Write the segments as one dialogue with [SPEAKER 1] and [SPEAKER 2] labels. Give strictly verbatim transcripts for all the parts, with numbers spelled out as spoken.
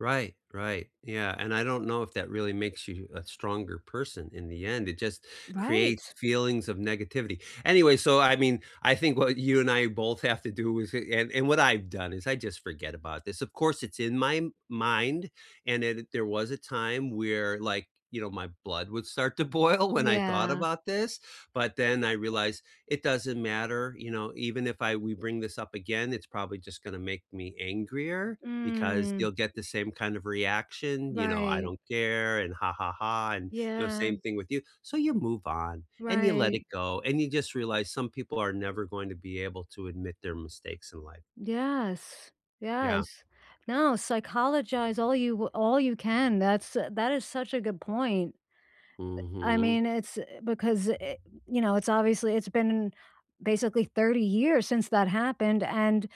[SPEAKER 1] Right, right, yeah. And I don't know if that really makes you a stronger person in the end, it just creates
[SPEAKER 2] Right.
[SPEAKER 1] feelings of negativity. Anyway, so I mean, I think what you and I both have to do, is and and what I've done is I just forget about this, of course, it's in my mind, and then there was a time where, like, you know, my blood would start to boil when I thought
[SPEAKER 2] Yeah.
[SPEAKER 1] about this, but then, I realized it doesn't matter, you know, even if I we bring this up again, it's probably just gonna make me angrier, because
[SPEAKER 2] Mm.
[SPEAKER 1] you'll get the same kind of reaction, you know, "I
[SPEAKER 2] Right.
[SPEAKER 1] don't care," and, "Ha, ha, ha," and, you know,
[SPEAKER 2] Yeah.
[SPEAKER 1] same thing with you, so you move on, and you let
[SPEAKER 2] Right.
[SPEAKER 1] it go, and you just realize some people are never going to be able to admit their mistakes in life.
[SPEAKER 2] Yes.
[SPEAKER 1] Yeah.
[SPEAKER 2] Yes. No, psychologize all you w all you can, that's a that is such a good point. Eh, I
[SPEAKER 1] Mhm.
[SPEAKER 2] mean, it's, eh because, eh you know, it's obviously it's been, basically, thirty years since that happened and,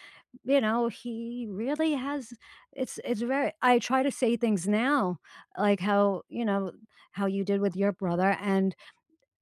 [SPEAKER 2] you know, he really has it's it's very I try to say things now like how you know, how you did with your brother and,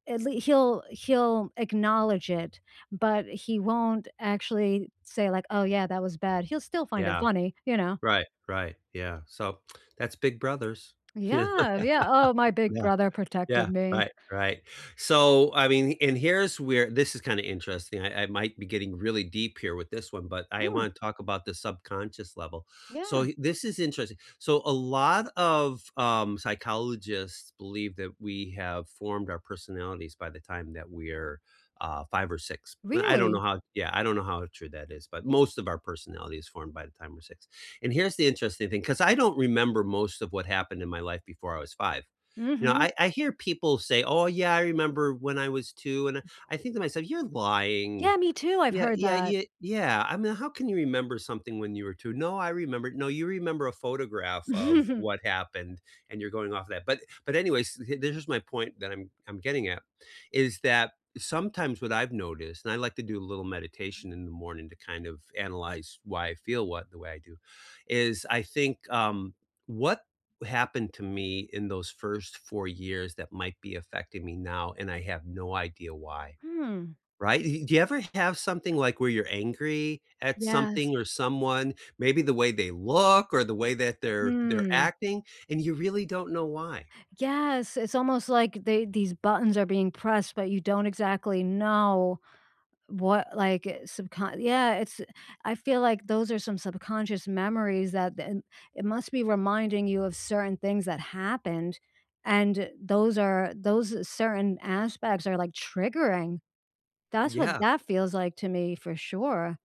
[SPEAKER 2] at lea he'll he'll acknowledge it, but he won't actually say, like, "Oh, yeah, that was bad." He'll still find it
[SPEAKER 1] Yeah.
[SPEAKER 2] funny, you know?
[SPEAKER 1] Right, right, yeah. So, that's big brothers. Yeah.
[SPEAKER 2] Yeah, yeah. "Oh, my big
[SPEAKER 1] Yeah,
[SPEAKER 2] brother
[SPEAKER 1] yeah.
[SPEAKER 2] protecting me."
[SPEAKER 1] Right, right. So, I mean and here's where this is kinda interesting, I I might be getting really deep here with this one, but I
[SPEAKER 2] Mm.
[SPEAKER 1] wanna talk about the subconscious level. So
[SPEAKER 2] Yeah.
[SPEAKER 1] y this is interesting so a lot of, um, psychologists believe that we have formed our personalities by the time that we're, uh, five or six. L I don't know
[SPEAKER 2] Really?
[SPEAKER 1] how Yeah, I don't know how true that is, but most of our personality is formed by the time we're six. And here's the interesting thing 'cause I don't remember most of what happened in my life before I was five. You know,
[SPEAKER 2] Mhm.
[SPEAKER 1] I I hear people say, "Oh yeah, I remember when I was two," and I I think to myself, "You're lying."
[SPEAKER 2] Yeah, me too, I've
[SPEAKER 1] Yeah,
[SPEAKER 2] heard
[SPEAKER 1] yeah,
[SPEAKER 2] that.
[SPEAKER 1] y yeah, I mean, "How can you remember something when you were two?" "No, I remember" "No, you remember a photograph of what happened, and you're going off that." But but anyways, s h there's just my point that I'm I'm getting at, is that sometimes, what I've noticed- and I like to do a little meditation in the morning to kind of analyze why I feel what the way I do- is I think, um, what happened to me in those first four years that might be affecting me now, and I have no idea why.
[SPEAKER 2] Hmm.
[SPEAKER 1] Right, uh, he Do you ever have something, like, where you're angry at
[SPEAKER 2] Yes.
[SPEAKER 1] something or someone, maybe the way they look or the way that they're they're
[SPEAKER 2] Hmm.
[SPEAKER 1] acting and you really don't know why?
[SPEAKER 2] Yes, it's almost like they these buttons are being pressed, but you don't exactly know what, like, uh, subcon yeah, it's I feel like those are some subconscious memories that then it must be reminding you of certain things that happened and those are those certain aspects are, like, triggering. That's what
[SPEAKER 1] Yeah.
[SPEAKER 2] that feels like, to me, for sure.